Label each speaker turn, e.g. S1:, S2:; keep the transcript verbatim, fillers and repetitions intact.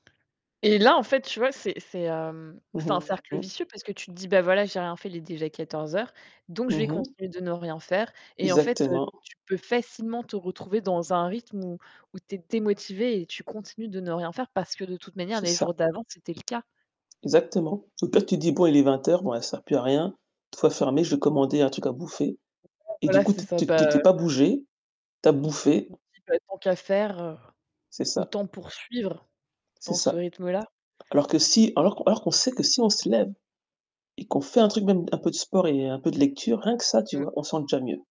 S1: Et là en fait, tu vois, c'est c'est, hem,
S2: Mmh
S1: c'est un cercle
S2: mh. Mmh.
S1: vicieux parce que tu te dis: «Bah, voilà, j'ai rien fait, il est déjà quatorze heures, donc je vais
S2: Mmh mh.
S1: continuer de ne rien faire», et en fait, heu,
S2: Exactement.
S1: tu peux facilement te retrouver dans un rythme où où tu es démotivée et tu continues de ne rien faire parce que de toute manière,
S2: C'est
S1: les
S2: ça.
S1: jours d'avant, c'était le cas.
S2: Exactement, au pire, tu te dis: «Bon, il est vingt heures. Bon allez, ça sert plus à rien. Une fois fermé, je vais commander un truc à bouffer»
S1: [unintelligible]
S2: et du
S1: voilà,
S2: coup
S1: c'est
S2: t
S1: ça,
S2: tu t tu
S1: bah
S2: t'es pas bougé, tu as bouffé.
S1: tu te dis: «Bah tant qu'à faire, heu,
S2: C'est ça.
S1: autant poursuivre
S2: C'est
S1: dans ce
S2: ça.
S1: rythme-là».
S2: Alors que si alors qu'on alors qu'on sait que si on se lève, et qu'on fait un truc, même un peu de sport et un peu de lecture, rien que ça, tu
S1: Mmh.
S2: vois, on se sent déjà mieux.